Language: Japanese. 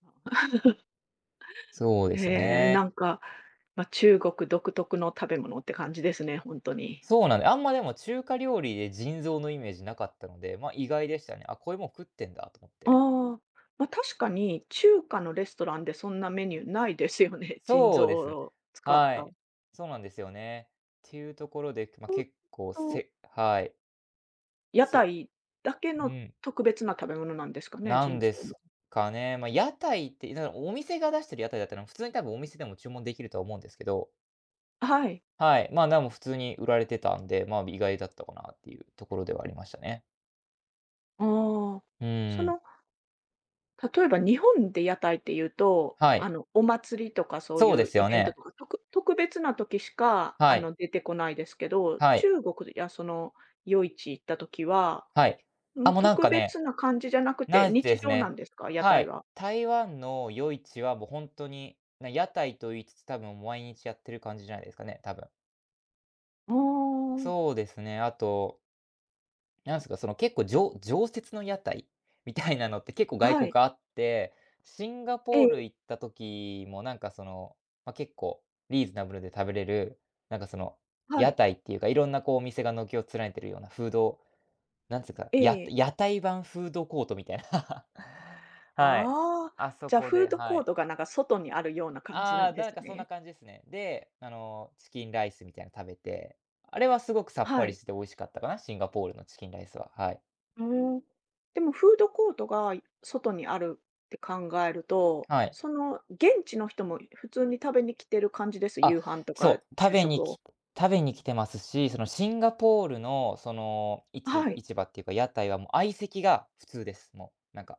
そうですへえ、ね。なんかまあ、中国独特の食べ物って感じですね、ほんとに。そうなんで、あんまでも中華料理で腎臓のイメージなかったので、まあ意外でしたね。あ、こういうもん食ってんだと思って。ああ、ま、確かに中華のレストランでそんなメニューないですよね、腎そう臓ですね。を使っはた。い。そうなんですよね。ていうところで、まあホッ結構ト。せはい。屋せ台だけうのん。特別な食べ物なんですかね？なん腎で臓すは。かね。ま、屋台って、お店が出してる屋台だったら普通に多分お店でも注文できるとは思うんですけど。あ、はい。はい、まあなあも、普通に売られてたんで、まあ意外だったかなっていうところではありましたね。ああ、うそん。の、例えば日本で屋台っていうと、はあい。の、お祭りとかそうそうでいうすイよベントね。とか、特別な時しかはあい。の、出てこないですけど、はい。中国やその夜市行った時は、はい。あ、ま、もうなん特かね、別な感じじゃなくて、ないで日す常なね。んですか？屋は台い。は。台湾の夜市はもうほんとに、な、屋台と言いつつ、多分毎日やってる感じじゃないですかね、多分。ああ。そうですね、あとなんすか、その結構じょ常設の屋台みたいなのって結構外は国い。あって、シンガえポーえ。ル行った時もなんかその、ま結構リーズナブルで食べれる、なんかその、は屋い。台っていうか、いろんなこうお店が軒を連ねてるようなフードなんつか、えやえ。屋台版フードコートみたいな。はい。ああ、あそじゃこフで、ードはコーい。トがなんか外にあるような感じあなあ、んでなんすかそんね。な感じですね。で、あの、チキンライスみたいの食べて、あれはすごくさっぱはりしい。てて美味しかったかな、シンガポールのチキンライスは、はい。へえ。でもフードコートが外にあるって考えると、はい。その 現地の人も普通に食べに来てる感じです？あ、夕飯とかそう、食昼べに食きを。食べに来てますし、そのシンガポールのその、市はい。場っていうか、屋台はもう相席が普通です。もう、なんか。